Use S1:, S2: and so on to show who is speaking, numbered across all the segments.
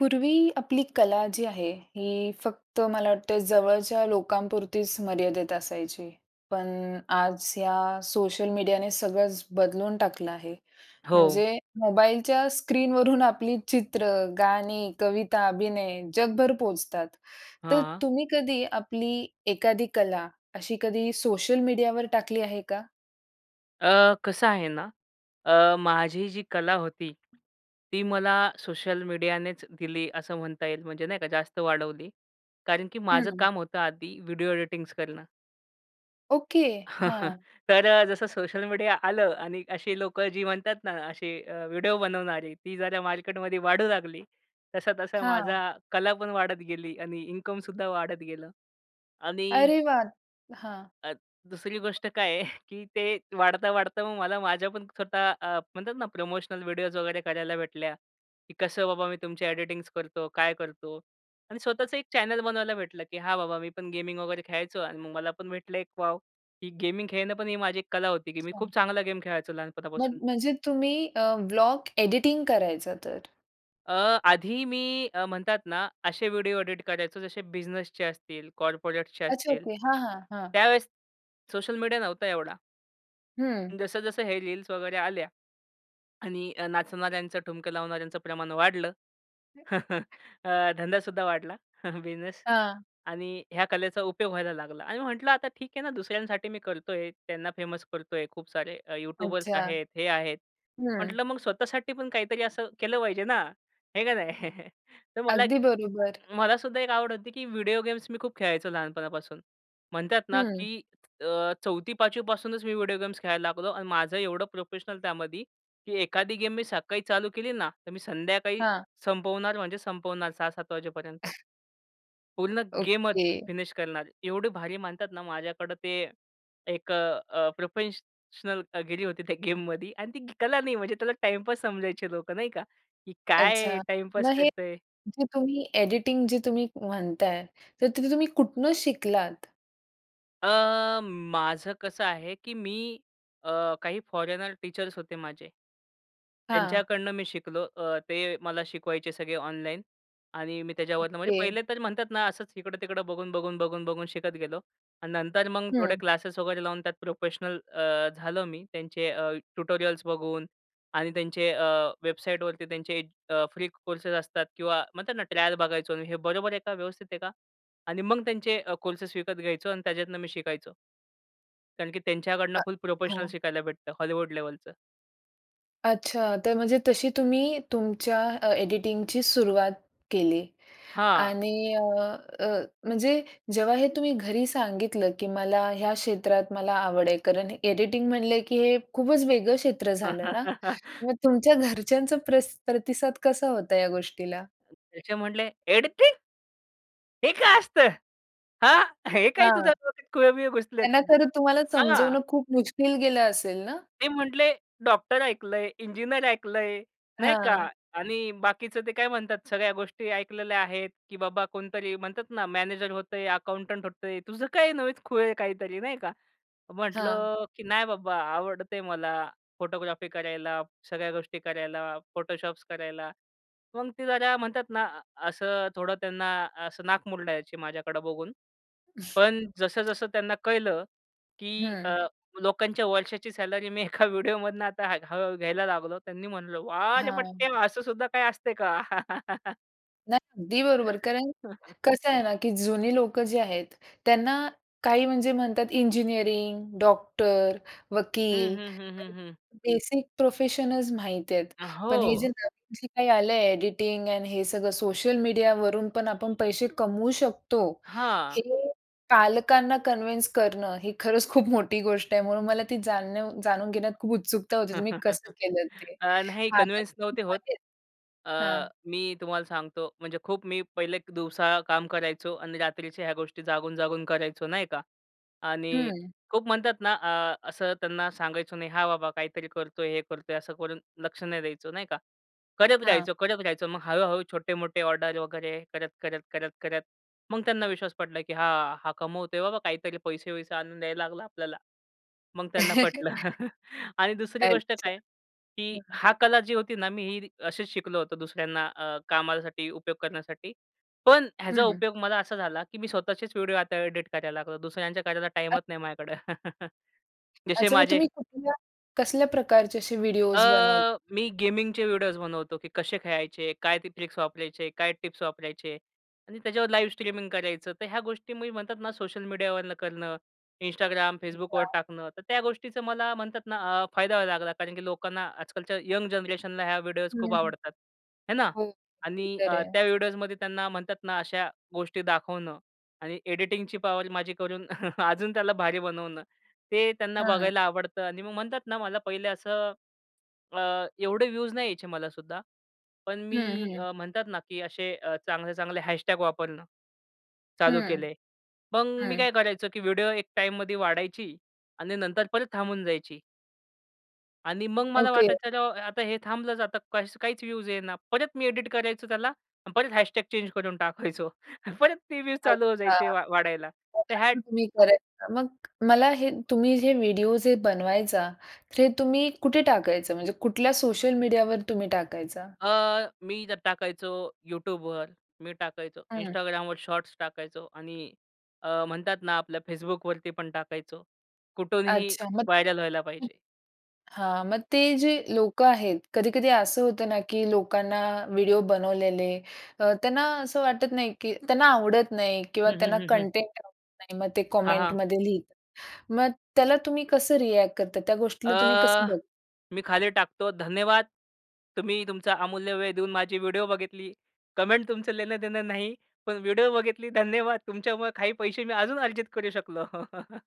S1: पूर्वी आपली कला जी आहे ही फक्त मला वाटत जवळच्या लोकांपुरतीच मर्यादेत असायची. पण आज या सोशल मीडियाने सगळंच बदलून टाकलं आहे.
S2: हो.
S1: म्हणजे मोबाईलच्या स्क्रीनवरून आपली चित्र, गाणी, कविता, अभिनय जगभर पोहोचतात. तर
S2: हां.
S1: तुम्ही कधी आपली एखादी कला, अशी कधी सोशल मीडियावर टाकली आहे का?
S2: अ, कसं आहे ना, अ, माझी जी कला होती, ती मला सोशल मीडियानेच दिली असं म्हणता येईल. म्हणजे नाही का जास्त वाढवली. कारण की माझं
S1: हं.
S2: काम होतं आधी व्हिडिओ एडिटिंग्स करणं.
S1: ओके. हां.
S2: तर अ, जसं सोशल मीडिया आलं आणि अशी लोकं जी म्हणतात ना असे अ, व्हिडिओ बनवणारे ती जरा मार्केटमध्ये वाढू लागली. तसा, तसा
S1: हां.
S2: माझा कला पण वाढत गेली आणि इन्कमसुद्धा वाढत गेलं आणि
S1: अरे वाह! हां.
S2: अत दुसरी गोष्ट काय आहे, की ते वाढता, वाढता मग मला माझ्या पण स्वतः अ, म्हणतात ना प्रमोशनल व्हिडिओज वगैरे करायला भेटल्या, की कसं बाबा मी तुमची एडिटिंग्स करतो काय करतो आणि स्वतःचं एक चॅनल बनवायला भेटलं, की हा बाबा मी पण गेमिंग वगैरे खेळायचो आणि मग मला पण भेटलं एक वाव ही गेमिंग खेळणं पण ही माझी एक कला होती, की मी
S1: छान.
S2: खूप चांगला गेम खेळायचो
S1: मग
S2: लहानपणापासून.
S1: म्हणजे तुम्ही अ, व्लॉग एडिटिंग करायचा तर?
S2: अ, आधी मी अ, म्हणतात ना असे व्हिडिओ एडिट करायचो जसे बिझनेसचे असतील, कॉर्पोरेट्सचे
S1: अच्छा,
S2: असतील.
S1: ओके. हां, हां, हां.
S2: त्यावेळेस सोशल मीडिया नव्हता एवढा.
S1: हं.
S2: अन् जसं-जसं हे रील्स वगैरे आल्या. आणि नाचणाऱ्यांचं, ठुमके लावणाऱ्यांचं प्रमाण वाढलं,
S1: हं.
S2: अ, धंदा सुद्धा वाढला, बिझनेस
S1: हां.
S2: आणि ह्या कलेचा उपयोग व्हायला लागला. आणि मी म्हटलं आता ठीक आहे ना दुसऱ्यांसाठी मी करत आहे, त्यांना फेमस करत आहे, खूप सारे अ, यूट्यूबर्स
S1: अच्छा.
S2: आहेत, हे आहेत.
S1: हं.
S2: म्हटलं मग स्वतःसाठी पण काहीतरी असं केलं पाहिजे ना, आहे का नाही? तर मला एक
S1: अगदी बरोबर.
S2: मला सुद्धा एक आवड होती, की व्हिडिओ गेम्स मी खूप खेळायचो लहानपणापासून. म्हणतात ना
S1: हं.
S2: की अ, चौथी, पाचवी पासूनच मी व्हिडिओ गेम्स खेळायला लागलो आणि माझं एवढं प्रोफेशनल त्यामध्ये की एखादी गेम मी सकाळी चालू केली ना, तर मी संध्याकाळी,
S1: हां.
S2: संपवणार म्हणजे संपवणार 6:00-7:00 वाजेपर्यंत. पूर्ण गेमच
S1: ओके.
S2: फिनिश करणार. एवढे भारी म्हणतात ना माझ्याकडं ते एक अ, अ, प्रोफेशनलगिरी होती त्या गेममध्ये आणि ती कला नाही म्हणजे त्याला टाईमपास समजायचे लोकं नाही का? की "काय हे
S1: अच्छा.
S2: टाईमपास
S1: मग हे
S2: करत आहे?"
S1: जे तुम्ही एडिटिंग जे तुम्ही म्हणत आहे, तर ते तुम्ही कुठून शिकलात?
S2: अ, माझं कसं आहे, की मी अ, काही फॉरेनर टीचर्स होते माझे.
S1: हां.
S2: त्यांच्याकडनं मी शिकलो. अ, ते मला शिकवायचे सगळे ऑनलाईन. आणि मी त्याच्यावरनं म्हणजे
S1: ओके.
S2: पहिले तर म्हणतात ना असच इकडं-तिकडं बघून, बघून, बघून, बघून शिकत गेलो. आणि नंतर मग थोडे
S1: हं.
S2: क्लासेस वगैरे लावून त्यात प्रोफेशनल अ, झालो मी. त्यांचे अ, ट्युटोरियल्स बघून आणि त्यांचे अ, वेबसाईटवरती त्यांचे अ, फ्री कोर्सेस असतात किंवा म्हणतात ना, ट्रायल बघायचो आणि हे बरोबर आहे का व्यवस्थित आहे का? आणि मग त्यांचे अ, कोर्सेस विकत घ्यायचो आणि त्याच्यातनं मी शिकायचो. कारण की त्यांच्याकडनं
S1: अ
S2: फुल प्रोफेशनल
S1: हो.
S2: शिकायला भेटतं हॉलिवूड लेव्हलचं.
S1: अच्छा. तर म्हणजे तशी तुम्ही तुमच्या अ, एडिटिंगची सुरुवात केली
S2: हां.
S1: आणि अ, अ, म्हणजे जेव्हा हे तुम्ही घरी सांगितलं, की मला ह्या क्षेत्रात मला आवड आहे. कारण एडिटिंग म्हणलं, की हे खूपच वेगळं क्षेत्र झालं ना? मग तुमच्या घरच्यांचा प्रसी प्रतिसाद कसा होता या गोष्टीला?
S2: त्याचे म्हटले, "एडिटिंग?" "हे काय असतं? हां. हे काय
S1: हां.
S2: तुझ्या डोक्यात खुळं-बिळं घुसलेत."
S1: त्यांना तर तुम्हाला
S2: हां.
S1: समजवणं खूप मुश्किल गेलं असेल ना?
S2: ते म्हटले, "डॉक्टर ऐकलंय, इंजिनिअर ऐकलंय." नाही का?
S1: हां.
S2: "आणि बाकीचं ते काय म्हणतात सगळ्या गोष्टी ऐकलेल्या आहेत, की बाबा कोणतरी म्हणतात ना मॅनेजर होतंय, अकाउंटंट होतंय. तुझं काही नवेच खुळ आहे काहीतरी." नाही का.
S1: हां.
S2: म्हटलं, की "नाही बाबा आवडते मला फोटोग्राफी करायला, सगळ्या गोष्टी करायला, फोटोशॉप्स करायला." मग ते जरा म्हणतात ना असं थोडं त्यांना असं नाक मुरडायचे माझ्याकडं बघून. पण जसं-जसं त्यांना कळलं, की
S1: हं.
S2: अ, लोकांच्या वर्षाची सॅलरी मी एका व्हिडिओमधनं आता हळूहळू घ्यायला लागलो. त्यांनी म्हंटलं, वाह रे
S1: हां.
S2: पठ्या! असं सुद्धा काही असते का?
S1: नाही, अगदी बरोबर. कारण कसं आहे ना, की जुनी लोकं जी आहेत. त्यांना काही म्हणजे म्हणतात इंजिनिअरिंग, डॉक्टर,
S2: हं,
S1: वकील
S2: हं, हं, हं,
S1: काही
S2: हं.
S1: बेसिक प्रोफेशनचं माहिती आहेत.
S2: अ,
S1: पण हे जे
S2: हो.
S1: नवीन जे काय आलं आहे, एडिटिंग एंड हे सगळं सोशल मीडियावरून पण आपण पैशे कमवू शकतो. हे
S2: हां.
S1: पालकांना कन्विन्स करणं, ही खरंच खूप मोठी गोष्ट आहे. म्हणून मला ती जाणणीव जाणून घेण्यात खूप उत्सुकता होती, तुम्ही कसं केलं ते.
S2: अ, नाही
S1: हां, तर
S2: कन्व्हेन्स नव्हते होत.
S1: [unintelligible]
S2: अ,
S1: हां.
S2: मी तुम्हाला सांगतो, म्हणजे खूप मी पहिले एक दिवसा काम करायचो आणि रात्रीच्या ह्या गोष्टी जागून-जागून करायचो नाही का? आणि
S1: हं.
S2: खूप म्हणतात ना, अ, असं त्यांना सांगायचं नाही, हां बाबा, काहीतरी करतो आहे, हे करतो आहे, असं करून लक्ष नाही द्यायचं, नाही का. करत
S1: हां.
S2: राहायचं, करत राहायचं. मग हळू-हळू, छोटे-मोठे ऑर्डर वगैरे करत, करत, करत, करत. मग त्यांना विश्वास पटला की, "हां, हा कमवतो आहे, बाबा काहीतरी पैसे-वसे आणून द्यायला लागला आपल्याला.' मग त्यांना पटलं आणि दुसरी गोष्ट
S1: अच्छा,
S2: काय? की
S1: हं.
S2: हा कला जी होती ना, मी ही रि अशीच शिकलो होतं दुसऱ्यांना अ, कामासाठी उपयोग करण्यासाठी. पण
S1: हं,
S2: ह्याचा
S1: हं.
S2: उपयोग मला असा झाला की मी स्वतःचेच व्हिडिओ आता एडिट करायला लागतो. दुसऱ्यांच्या कार्याला
S1: अ
S2: टाईमच नाही माझ्याकडं. जशे
S1: अच्छा मग
S2: माझे
S1: तुम्ही कुठल्या कसल्या प्रकारचे असे
S2: अ,
S1: व्हिडिओस बनवत
S2: मी गेमिंगचे व्हिडिओस बनवतो की कशे खेळायचे? काय ते ट्रिक्स वापरायचे? काय टिप्स वापरायचे? आणि त्याच्यावर लाईव्ह स्ट्रीमिंग करायचं. तर ह्या गोष्टी मी म्हणतात ना सोशल मीडियावरनं करणं, Instagram, Facebookवर
S1: अच्छा.
S2: टाकणं. तर त्या गोष्टीचं मला म्हणतात ना, अ, फायदा व्हायला लागला कारण की लोकांना, आजकालच्या यंग जनरेशनला ह्या व्हिडिओस खूप
S1: हं, हं.
S2: आवडतात, आहे ना
S1: हो, ते
S2: आणि
S1: तर
S2: अ,
S1: आहे.
S2: त्या व्हिडिओजमध्ये त्यांना म्हणतात ना, अशा गोष्टी दाखवणं आणि एडिटिंगची पॉवर माझी करून अजून त्याला भारी बनवणं, ते त्यांना
S1: हां.
S2: बघायला आवडतं आणि मग म्हणतात ना, मला पहिले असं अ, एवढे व्हियूज नाही यायचे मला सुद्धा. पण
S1: हं,
S2: मी
S1: हं.
S2: अ, म्हणतात ना, की अशे अ, चांगले-चांगले हॅशटॅग वापरणं, चालू
S1: हं,
S2: केले. मग मी
S1: हं.
S2: काय करायचो? की व्हिडिओ एक टाईममध्ये वाढायची आणि नंतर परत थांबून जायची. आणि मग मला
S1: ओके.
S2: वाटायचं अरे हो, आता हे थांबलच आता काही काहीच व्ह्यूज येईना. परत मी एडिट करायचो त्याला, परत # चेंज करून टाकायचो. परत ते व्ह्ज चालू होऊन
S1: अच्छा,
S2: जायचे वा वाढायला.
S1: मग
S2: तर ह्या
S1: अस तुम्ही करायचा. मग मला हे तुम्ही जे व्हिडिओ जे बनवायचा, हे तुम्ही कुठे टाकायचा? म्हणजे कुठल्या सोशल मीडियावर तुम्ही टाकायचा?
S2: अ, मी जर टाकायचो YouTubeवर, मी टाकायचो
S1: हं.
S2: Instagramवर, शॉट्स टाकायचो आणि अ, म्हणतात ना आपल्या Facebookवरती पण टाकायचो. कुठूनही
S1: अच्छा. मग
S2: व्हायरल व्हायला
S1: हं.
S2: पाहिजे.
S1: हा. मग ते जे लोक आहेत. कधी-कधी असं होतं ना, की लोकांना व्हिडिओ बनवलेले, त्यांना असं वाटत नाही, की त्यांना आवडत नाही किंवा
S2: हं,
S1: त्यांना
S2: हं, हं, हं.
S1: कंटेंट आवडत नाही. मग ते
S2: हां. हां.
S1: कमेंटमध्ये लिहतात. मग त्याला तुम्ही कसं रिएक्ट करता त्या गोष्टीला तुम्ही कसं
S2: अ,
S1: बघ
S2: मी खाली टाकतो, 'धन्यवाद! तुम्ही तुमचा अमूल्य वेळ देऊन माझी व्हिडिओ बघितली. कमेंट तुमचं लेनं-देनं नाही. पण व्हिडिओ बघितली धन्यवाद! तुमच्यामुळं काही पैसे मी अजून अर्जित करू शकलो.'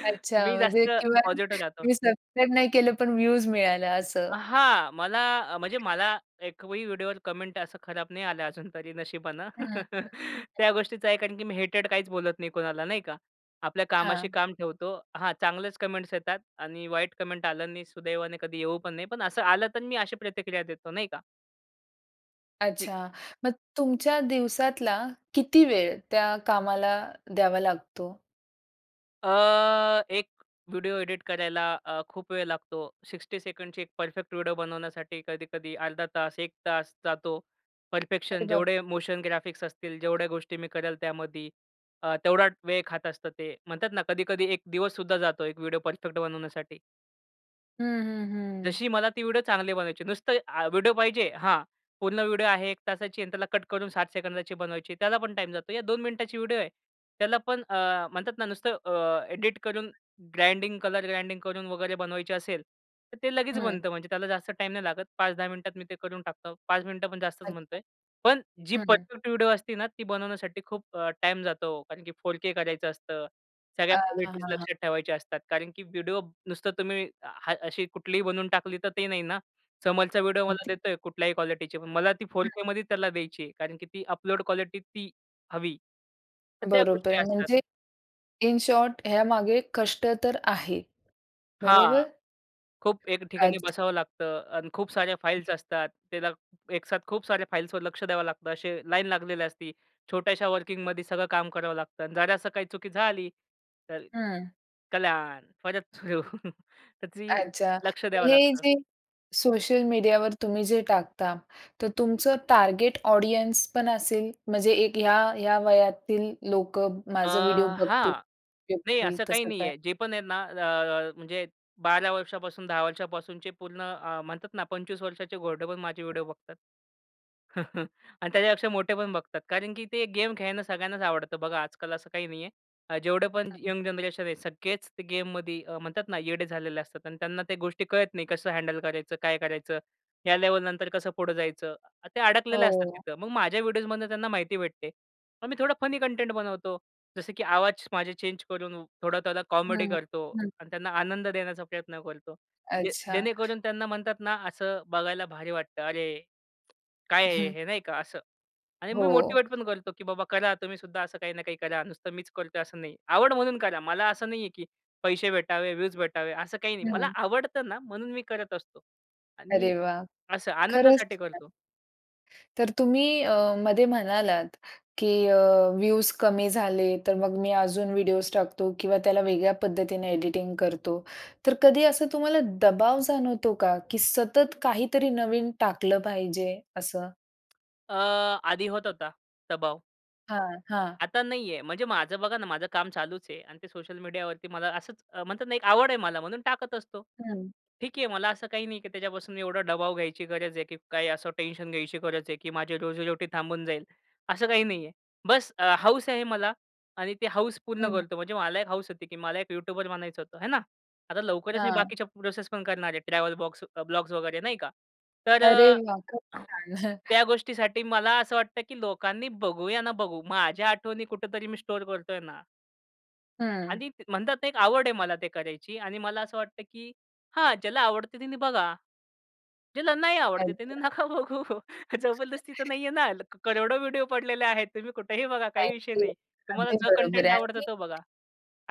S1: अच्छा,
S2: मी
S1: म्हणजे
S2: जास्त
S1: किंवा
S2: पॉझिटिव्ह राहतो.
S1: तुम्ही सबस्क्राईब नाही केलं, पण व्ह्यूज मिळालं
S2: अ,
S1: असं.
S2: हा. मला म्हणजे, मला एकही व्हिडिओ वर कमेंट असं खराब नाही आलं अजून तरी नशिबानं.
S1: हं, हं, हं.
S2: त्या गोष्टीच आहे. कारण की मी हेटेड काहीच बोलत नाही कोणाला. नाही का? आपल्या कामाशी
S1: हां.
S2: काम ठेवतो. हा चांगलेच कमेंट्स येतात आणि वाईट कमेंट आलं आणि सुदैवाने कधी येऊ पण नये, पण असं आलं तर मी अशी प्रतिक्रिया देतो नाही का? ठीक.
S1: अच्छा, मग तुमच्या दिवसातला किती वेळ त्या कामाला द्यावा लागतो?
S2: अ, एक व्हिडिओ एडिट करायला अ, खूप वेळ लागतो. 60 ची एक परफेक्ट व्हिडिओ बनवण्यासाठी कधी कधी अर्धा तास, 1 जातो.
S1: अरे
S2: परफेक्शन
S1: बाप!
S2: जेवढे मोशन ग्राफिक्स असतील जेवढ्या गोष्टी मी करेल त्यामध्ये, अ, तेवढा वेळ खात असतं ते. म्हणतात ना, कधी कधी एक दिवससुद्धा जातो एक व्हिडिओ परफेक्ट बनवण्यासाठी.
S1: हं, हं, हं.
S2: जशी मला ती व्हिडिओ चांगली बनवायची. नुसतं आ व्हिडिओ पाहिजे हां. पूर्ण व्हिडिओ आहे 1 ची आणि त्याला कट करून 60 ची बनवायची. त्याला पण टाईम जातो. या 2 ची व्हिडिओ आहे. त्याला पण अ, म्हणतात ना नुसतं अ, एडिटकरून ग्राइंडिंग कलर, ग्राइंडिंग करून वगैरे बनवायची असेल, तर ते लगेच
S1: हं.
S2: बनतं म्हणजे त्याला जास्त टाईम नाही लागत. 5-10 मिनिटात मी ते करून टाकतो. 5 मिनिटं पण जास्तच म्हणत
S1: अच्छा.
S2: आहे.पण जी
S1: हं.
S2: परफेक्ट व्हिडिओ असते ना, ती बनवण्यासाठी खूप अ, टाईम जातो कारण की 4K करायचं असतं. सगळ्या
S1: अ, हां,
S2: क्वालिटीज
S1: हां.
S2: लक्षात ठेवायच्या असतात, कारण की व्हिडिओ नुसतं तुम्ही हा अशी कुठलीही बनवून टाकली तर ते नाही ना, समोरचा व्हिडिओ मला
S1: अगदी.
S2: देत आहे कुठल्याही क्वालिटीची, पण मला ती
S1: हं.
S2: 4K मध्ये त्याला द्यायची आहे, कारण की ती अपलोड क्वालिटी ती हवी. तर त्या
S1: बरोबर
S2: गोष्टी
S1: आहे
S2: असतात.
S1: म्हणजे, इन शॉर्ट यामागे कष्ट तर आहे.
S2: हां.
S1: बरोबर?
S2: खूप एक ठिकाणी
S1: अच्छा.
S2: बसावं लागतं आणि खूप साऱ्या
S1: हं.
S2: फाइल्स असतात, त्याला एक साथ खूप साऱ्या फाइल्सवर लक्ष द्यावं लागतं, असे लाईन लागलेली असती. छोट्याशा वर्किंगमध्ये सगळं काम करावं लागतं, जरा असं काही चुकी झाली, तर
S1: हं.
S2: कल्याण परत सुरू त्याची
S1: अच्छा,
S2: लक्ष
S1: मग
S2: द्यावं
S1: हे
S2: लागतं.
S1: जे सोशल मीडियावर तुम्ही जे टाकता, तर तुमचं टार्गेट ऑडियन्सपण असेल, म्हणजे एक ह्या, ह्या वयातील लोकं
S2: अ,
S1: माझा व्हिडिओ बघतील
S2: हां. नाही
S1: [unintelligible]
S2: असं काही
S1: तसं
S2: नाही
S1: काय?
S2: आहे. जे पण आहे ना, अ, अ म्हणजे 12 वर्षापासून 10 वर्षापासूनचे पूर्ण अ, म्हणतात ना, 25 वर्षाचे मोठेपण माझे व्हिडिओ बघतात. आणि त्याच्यापेक्षा मोठे पण बघतात. कारण की ते गेम खेळणं सगळ्यांनाच आवडतं. बघा आजकाल असं काही नाही आहे. अ, जेवढे पण
S1: [unintelligible]
S2: यंग जनरेशन आहे सगळेच गेममध्ये म्हणतात ना, येडे झालेले असतात आणि त्यांना त्या गोष्टी कळत नाही. कसं हँडल करायचं? काय करायचं? ह्या लेव्हलनंतर कसं पुढे जायचं? ते अडकलेले असतात
S1: हो.
S2: तिथं. मग माझ्या व्हिडिओजमधनं त्यांना माहिती भेटते. पण मी थोडा फनी कंटेंट बनवतो. जसं की आवाज माझे चेंजकरून थोडं त्याला कॉमेडी
S1: हं,
S2: करतो
S1: हं.
S2: आणि त्यांना आनंद देण्याचा प्रयत्न करतो. जे
S1: अच्छा.
S2: जेणेकरून त्यांना म्हणतात ना, असं बघायला भारी वाटतं अरे! काय आहे
S1: हं.
S2: हे, नाही का असं. आणि मी
S1: हो.
S2: मोटिव्हेटपण करतो, कि बाबा करा तुम्ही सुद्धा असं काही ना काही करा. नुसतं मीच करत आहे असं नाही. आवड म्हणून करा. मला असं नाही आहे, की पैसे भेटावे, व्यूज भेटावे असं काही नाही. मला
S1: हं.
S2: आवडतं ना, म्हणून मी करत असतो आणि
S1: अरे वाह!
S2: असं
S1: खरंच
S2: आनंदासाठी
S1: छान.
S2: करतो.
S1: तर तुम्ही अ, मध्ये म्हणालात, की अ, व्ह्यूज कमी झाले तर मग मी अजून व्हिडिओज टाकतो किंवा त्याला वेगळ्या पद्धतीने एडिटिंग करतो. तर कधी असं तुम्हाला दबाव जाणवतो का? की सतत काहीतरी नवीन टाकलं पाहिजे असं?
S2: अ, आधी होतं होता, दबाव
S1: हां, हां.
S2: आता नाही आहे. म्हणजे माझं बघा ना, माझं काम चालूचं आहे. आणि ते सोशल मीडियावरती मला असंच म्हणतात ना एक आवड आहे मला म्हणून टाकत असतो.
S1: हं.
S2: ठीक आहे, मला असं काही नाही की त्याच्यापासून एवढा दबाव घ्यायची गरज आहे. की काय असं टेन्शन घ्यायची गरज आहे? की माझी रोजी रोटी थांबून जाईल, असं काही नाही आहे. बस अ, हौस आहे मला आणि ते हौस पूर्ण
S1: हं.
S2: करतो. म्हणजे मला एक हौस होती, की मला एक यूट्यूबर बनायचं होतं, हे ना. आता लवकरचं मी
S1: हां.
S2: बाकीच्या प्रोसेस पण करणार आहे. ट्रॅव्हल बॉक्स ब्लॉग्स वगै, रे नाही का. तर
S1: अरे
S2: अ,
S1: वाह! खूप छान.
S2: त्या गोष्टीसाठी मला असं वाटतं की लोकांनी बघू, या ना बघू. माझ्या आठवणी कुठेतरी मी स्टोअर करतो आहे ना.
S1: हं.
S2: आणि त म्हणतात ना एक आवड आहे मला ते करायची. आणि मला असं वाटतं की हां, ज्याला आवडते त्यांनी बघा, ज्याला नाही आवडते त्याने
S1: अच्छा.
S2: नका बघू. जबरदस्ती तर नाही आहे ना? क करोडो व्हिडिओ पडलेले आहेत. तुम्ही कुठेही बघा काही
S1: नाही
S2: विषय
S1: ते
S2: नाही. तुम्हाला
S1: अगदी
S2: जो
S1: बरोबर
S2: कंटेंट
S1: आहे.
S2: आवडतो
S1: आणि
S2: तो बघा.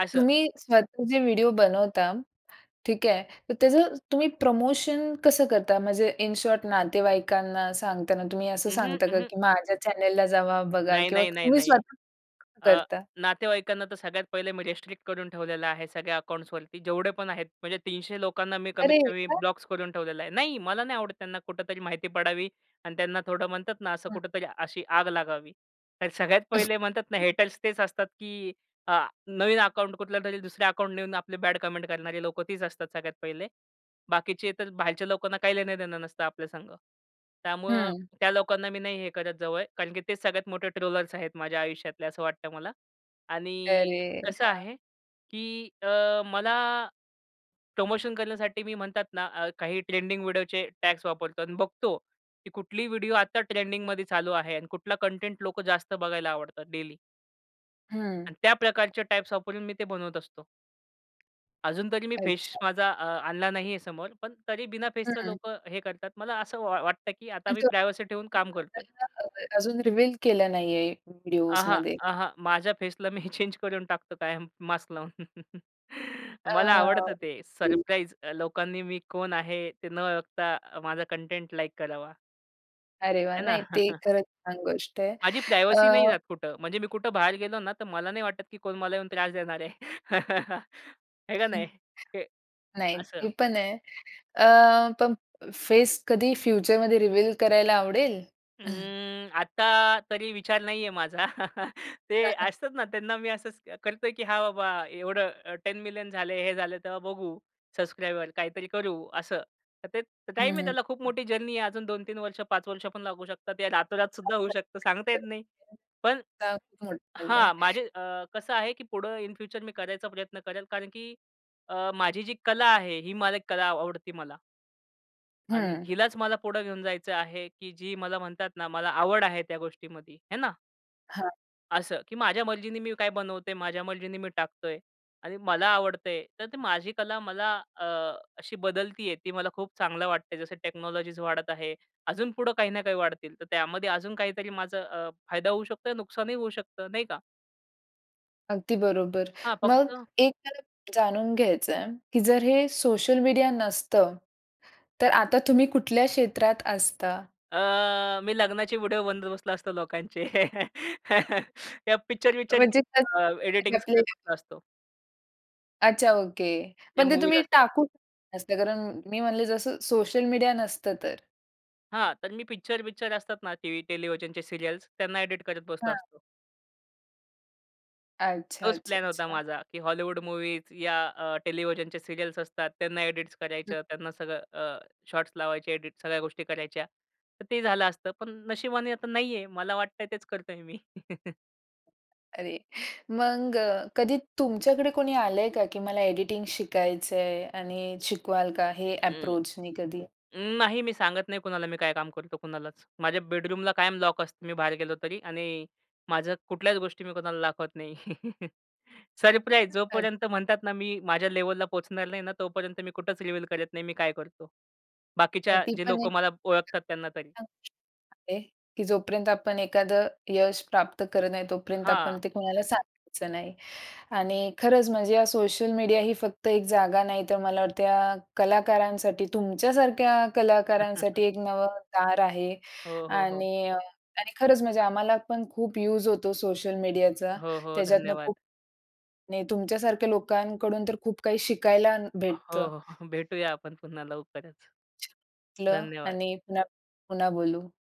S2: असं.
S1: तुम्ही स्वतःचे व्हिडिओ बनवता, ठीक आहे. तर त्याचं तुम्ही प्रमोशन कसं करता? म्हणजे इन शॉर्ट नातेवाईकांना सांगताना तुम्ही असं
S2: अंह,
S1: सांगता का?
S2: अंह.
S1: की माझ्या चॅनेलला जावा, बघा
S2: नाही,
S1: किंवा
S2: नाही, नाही,
S1: तुम्ही
S2: नाही.
S1: स्वत
S2: अ,
S1: करता?
S2: नातेवाईकांना, तर सगळ्यात पहिले मी रिस्ट्रिक्ट करून ठेवलेलं आहे, सगळ्या अकाउंट्सवरती जेवढे पण आहेत. म्हणजे 300 लोकांना मी
S1: अरे!
S2: कमीतकमी
S1: का?
S2: ब्लॉक्स करून ठेवलेलं आहे. नाही मला नाही आवडतं त्यांना कुठेतरी माहिती पडावी. आणि त्यांना थोडं म्हणतात ना, असं
S1: हां.
S2: कुठेतरी अशी आग लागावी. तर सगळ्यात पहिले म्हणतात ना हेटर्स तेच असतात. की आ नवीन अकाउंट कुठल्यातरी दुसऱ्या अकाउंट नेऊन आपले बॅड कमेंट करणारे लोकं तीच असतात सगळ्यात पहिले. बाकीचे तर बाहेरच्या लोकांना काही लेण-देणं नसतं आपल्या संग. त्यामुळं
S1: हं.
S2: त्या लोकांना मी नाही हे करत जवळ. कारण की तेच सगळ्यात मोठे ट्रोलर्स आहेत माझ्या आयुष्यातले असं वाटतं मला. आणि
S1: अरे!
S2: कसं
S1: अच्छा.
S2: आहे की अ, मला प्रमोशन करण्यासाठी मी म्हणतात ना अ, काही ट्रेंडिंग व्हिडिओचे टॅग्स वापरतो आणि बघतो की कुठली व्हिडिओ आता ट्रेंडिंगमध्ये चालू आहे. आणि कुठला कंटेंट लोक जास्त बघायला आवडतात डेली.
S1: हं.
S2: आणि त्या प्रकारच्या टाइप्स वापरून मी ते बनवत असतो. अजून तरी मी फेस
S1: अच्छा.
S2: माझा अ, आणला नाही आहे समोर. पण तरी बिना फेसचं
S1: हं.
S2: लोकं हे करतात. मला असं वा वाटतं, की आता मी
S1: अच्छा,
S2: प्रायव्हसी ठेऊन काम करतोय.
S1: [unintelligible] अजून रिव्हील केलं नाही आहे
S2: अहां,
S1: व्हिडिओसमध्ये.
S2: अहां, माझ्या फेसला मी चेंज करून टाकतो कायम मास्क लावून.
S1: अ,
S2: मला आवडतं ते
S1: ओके.
S2: सरप्राईज अ, लोकांनी मी कोण आहे? ते न बघता माझा कंटेंट लाइक करावा.
S1: अरे वाह!
S2: आहे ना.
S1: नाही ते खरंच छान गोष्ट आहे.
S2: माझी प्रायव्हसी नाही
S1: अ
S2: जात कुठं. म्हणजे मी कुठं बाहेर गेलो ना, तर मला नाही वाटत, की कोण मला येऊन त्रास देणार आहे. आहे का नाही? हे
S1: नाही,
S2: असं.
S1: ते पण आहे. अ, पण फेस कधी फ्युचरमध्ये रिव्हील करायला आवडेल?
S2: अं, आता तरी विचार नाही आहे माझा.
S1: त्या
S2: ते
S1: सारख
S2: असतात ना त्यांना मी असंच करतो आहे, की हां, बाबा एवढं 10 मिलियन झाले हे झालं तेव्हा बघू. सबस्क्रायबर काहीतरी करू असं. तर ते
S1: हं,
S2: टाईम आहे
S1: हं.
S2: त्याला खूप मोठी जर्नी आहे. अजून 2-3 वर्ष, 5 वर्ष पण लागू शकतात. या रातोरात सुद्धा होऊ शकतं. सांगता येत नाही. पण हां,
S1: [unintelligible]
S2: माझे अ, कसं आहे, की पुढं इन फ्युचर मी करायचा प्रयत्न करेल कारण की अ, माझी जी कला आहे ही मला एक कला आवडते मला. आणि
S1: हं.
S2: हिलाच मला पुढे घेऊन जायचं आहे, की जी मला म्हणतात ना मला आवड आहे त्या गोष्टीमध्ये. हे ना?
S1: हां.
S2: असं, की माझ्या मर्जीनी मी काय बनवतोय, माझ्या मर्जींनी मी टाकतोय आणि मला आवडतंय तर ती माझी कला मला अ, अशी बदलती आहे. ती मला खूप चांगलं वाटतंय. जसं टेक्नॉलॉजीज वाढत आहे. अजून पुढं काही ना काही वाढतील. तर त्यामध्ये अजून काहीतरी माझं अ, फायदा होऊ शकतो, नुकसानही होऊ शकतं. नाही का?
S1: अगदी बरोबर.
S2: हां,
S1: मग
S2: फक्त
S1: एक मला जाणून घ्यायचंय की जर हे सोशल मीडिया नसतं, तर आता तुम्ही कुठल्या क्षेत्रात असता?
S2: अ, मी लग्नाचे व्हिडिओ बनवत बसलो असतो लोकांचे. या पिक्चर-विक्चरची
S1: म्हणजे
S2: अं, एडिटिंग
S1: [unintelligible] आपले
S2: करत बसला असतो.
S1: अच्छा ओके.
S2: या
S1: पण ते
S2: मूव्हीज
S1: तुम्ही
S2: असतात.
S1: टाकू नसतं कारण मी म्हणले जसं सोशल मीडिया नसतं तर.
S2: हां, तर मी पिक्चर-बिक्चर असतात ना टीव्ही, टेलिव्हिजनच्या सीरियल्स त्यांना एडिट करत बसलो
S1: हां.
S2: असतो.
S1: अच्छा,
S2: तोच
S1: अच्छा,
S2: प्लॅन होता
S1: अच्छा.
S2: माझा, की हॉलिवूड मूव्हीज या अ, टेलिव्हिजनच्या सीरियल्स असतात, त्यांना एडिट्स
S1: हं.
S2: करायचं, त्यांना सगळं अ, शॉट्स लावायचे. एडिट सगळ्या गोष्टी करायच्या. तर ते झालं असतं. पण नशिबाने आता नाहीये. मला वाटतंय तेच करतोय मी.
S1: अरे, मग कधी तुमच्याकडे कोणी आलंय का की मला एडिटिंग शिकायचंय आणि शिकवाल का हे
S2: अं,
S1: अप्रोचनी कधी?
S2: नाही मी सांगत नाही कुणाला मी काय काम करतो कुणालाच. माझ्या बेडरूमला कायम लॉक असतं, मी बाहेर गेलो तरी आणि माझ्या कुठल्याच गोष्टी मी कुणाला दाखवत नाही. सरप्राईज, जो
S1: अच्छा.
S2: पर्यंत म्हणतात ना मी माझ्या लेव्हलला पोहचणार नाही ना, तोपर्यंत मी कुठेच रिव्हील करत नाही, मी काय करतो?
S1: आणि
S2: बाकीच्या
S1: ती
S2: जे
S1: पण एक,
S2: लोकं मला ओळखतात त्यांना तरी.
S1: [unintelligible] की जोपर्यंत आपण एखादं यश प्राप्त करत नाही तोपर्यंत आपण
S2: हां.
S1: ते कोणाला सांगायचं नाही. आणि खरंच म्हणजे या सोशल मीडिया ही फक्त एक जागा नाही, तर मला वाटत या कलाकारांसाठी, तुमच्यासारख्या कलाकारांसाठी एक नवं दार आहे.
S2: हो, हो, हो.
S1: आणि अ आणि खरंच म्हणजे आम्हाला पण खूप यूज होतो सोशल मीडियाचा.
S2: हो, हो,
S1: त्याच्यातुन खूप
S2: धन्यवाद.
S1: नाही तुमच्यासारख्या लोकांकडून तर खूप काही शिकायला न
S2: हो,
S1: भेटतं.
S2: हो, भेटूया आपण पुन्हा लवकरच.
S1: छान वाटलं
S2: धन्यवाद.
S1: आणि पुन्हा पुन्हा बोलू.